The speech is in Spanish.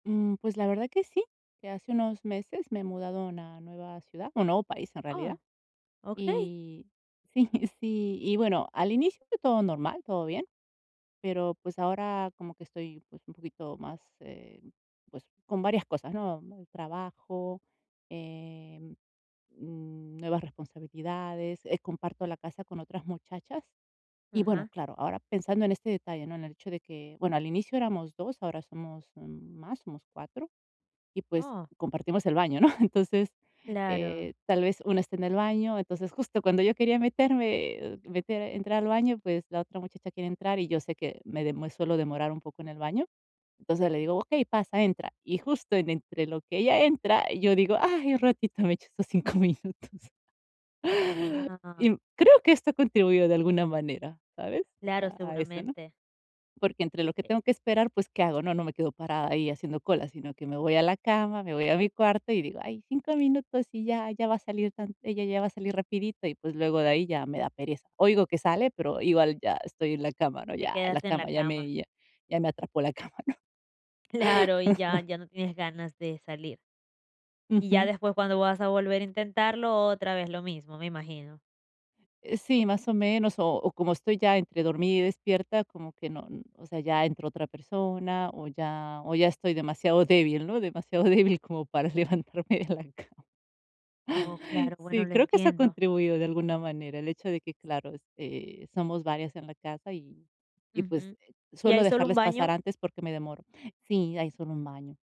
Mm, pues la verdad que sí, que hace unos meses me he mudado a una nueva ciudad, un nuevo país en realidad. Oh, okey. Y sí, sí, y bueno, al inicio fue todo normal, todo bien, pero, pues ahora como que estoy, pues, un poquito más, em, pues con varias cosas, ¿no? Muy trabajo, em, mm, nuevas responsabilidades, eh, comparto la casa con otras muchachas. Y bueno, Ajá. claro, ahora pensando en este detalle, ¿no?, en el hecho de que, bueno, al inicio éramos 2, ahora somos, mm, más, somos 4 y, pues, Oh. compartimos el baño, ¿no?, entonces, Claro. eh, tal vez una esté en el baño. Entonces, justo cuando yo quería meterme, eh, uh, meter entrar al baño, pues, la otra muchacha quiere entrar y yo sé que me dem me suelo demorar un poco en el baño. Entonces le Ujú. digo: "Okey, pasa, entra". Y justo en entre lo que ella entra, yo digo: "Ay, un ratito, me echo estos 5 minutos". Y Ah. creo que esto contribuyó de alguna manera, ¿sabes?, Claro, a eso, ¿no? seguramente. Porque entre lo que Eh. tengo que esperar, pues, ¿qué hago? ¿No? No me quedo parada ahí haciendo cola, sino que me voy a la cama, me voy a mi cuarto y digo: "Ay, 5 minutos y ya ya va a salir tan ella ya va a salir rapidito". Y, pues, luego de ahí ya me da pereza. Oigo que sale, pero igual ya estoy en la cama, ¿no? Te Ya, la quedaste en la cama, ya cama. me ya ya me atrapó la cama, ¿no? Claro, y ya ya no tienes ganas de salir. Y ya Ujú. después cuando vas a volver a intentarlo otra vez lo mismo, me imagino. Eh, sí, más o menos, o o como estoy ya entre dormida y despierta, como que no o sea, ya entró otra persona o ya o ya estoy demasiado débil, ¿no?, demasiado débil como para levantarme de la cama. Oh, claro, bueno, Sí, lo creo que eso ha entiendo. contribuido de alguna manera, el hecho de que, claro, este, somos varias en la casa y y, pues, Ujú. eh, ¿Y suelo hay solo un dejarles pasar baño? antes porque me demoro. Sí, hay solo un baño.